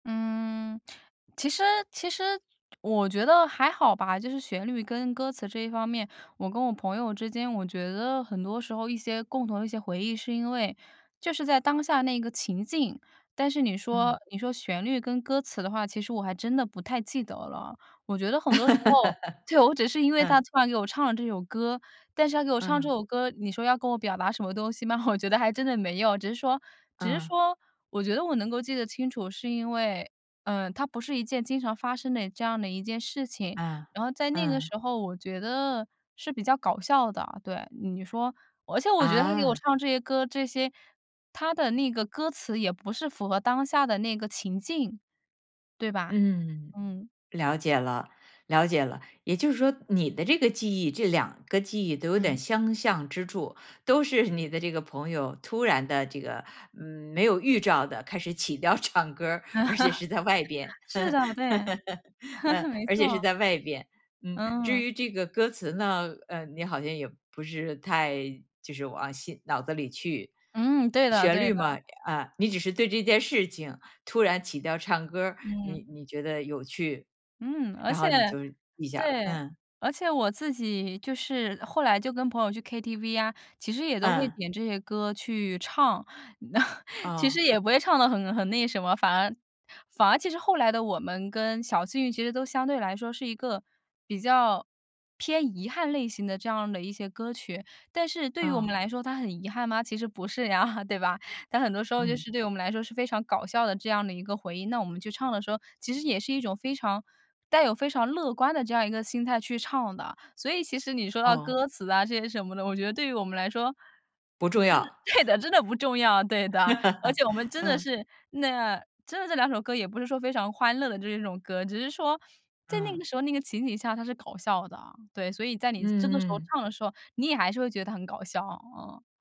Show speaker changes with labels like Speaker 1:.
Speaker 1: 嗯，其实其实我觉得还好吧，就是旋律跟歌词这一方面，我跟我朋友之间，我觉得很多时候一些共同的一些回忆，是因为就是在当下那一个情境，但是你说
Speaker 2: 嗯。
Speaker 1: 你说旋律跟歌词的话，其实我还真的不太记得了。我觉得很多时候，就我只是因 为他
Speaker 2: 嗯。
Speaker 1: 突然给我唱了这首歌，但是他给我唱这
Speaker 2: 嗯。
Speaker 1: 首歌，你说要跟我表达什么东西吗？我觉得还真的没有，只是说只是
Speaker 2: 嗯。
Speaker 1: 说我觉得我能够记得清楚，是因为，嗯，它不是一件经常发生的这样的一件事情，
Speaker 2: 嗯，
Speaker 1: 然后在那个
Speaker 2: 嗯。
Speaker 1: 时候我觉得是比较搞笑的，对。你说而且我觉得他给我
Speaker 2: 啊。
Speaker 1: 唱这些歌，这些他的那个歌词也不是符合当下的那个情境，对吧？
Speaker 2: 嗯，
Speaker 1: 嗯。
Speaker 2: 了解了了解了。也就是说你的这个记忆，这两个记忆都有点
Speaker 1: 嗯。
Speaker 2: 相像之处。都是你的这个朋友，突然地这个没有预兆地开始起调唱歌儿，而且是在外边。
Speaker 1: 是的，对。
Speaker 2: 嗯，
Speaker 1: 没
Speaker 2: 而且是
Speaker 1: 错。
Speaker 2: 在外边，嗯。至
Speaker 1: 嗯。
Speaker 2: 于这个歌词呢，嗯，你好像也不是太就是往心脑子里去。
Speaker 1: 嗯，对的
Speaker 2: 旋
Speaker 1: 对
Speaker 2: 律嘛
Speaker 1: 的。
Speaker 2: 啊，你只是对这件事情，突然起调唱歌儿，你
Speaker 1: 嗯。
Speaker 2: 你觉得有趣，
Speaker 1: 嗯，而
Speaker 2: 然
Speaker 1: 且
Speaker 2: 后你就记下了，
Speaker 1: 对，
Speaker 2: 嗯。
Speaker 1: 而且我自己就是后来就跟朋友去 KTV 啊，其实也都会
Speaker 2: 嗯。
Speaker 1: 点这些歌去唱。其实
Speaker 2: 哦。
Speaker 1: 也不会唱得很很那什么反而反而其实《后来的我们》跟《小幸运》其实都相对来说是一个比较偏遗憾类型的这样的一些歌曲，但是对于我们
Speaker 2: 哦。
Speaker 1: 来说它很遗憾吗？其实不是呀，对吧？但很多时候就
Speaker 2: 嗯。
Speaker 1: 是对我们来说是非常搞笑的这样的一个回应。那我们去唱的时候，其实也是一种非常带有非常乐观的这样一个心态去唱的。所以其实你说到
Speaker 2: 哦。
Speaker 1: 歌词啊，这些什么的，我觉得对于我们来说，
Speaker 2: 不重
Speaker 1: 真的
Speaker 2: 要。
Speaker 1: 对 的，真的不重要，对的。而且我们真的
Speaker 2: 嗯。
Speaker 1: 是那真的这两首歌也不是说非常欢乐的这一种歌，只是说，在那
Speaker 2: 嗯。
Speaker 1: 个时候、那个情景下，它是搞笑的。对，所以在你这个时候
Speaker 2: 嗯。
Speaker 1: 唱的时候，你也还是会觉得它很搞笑，啊。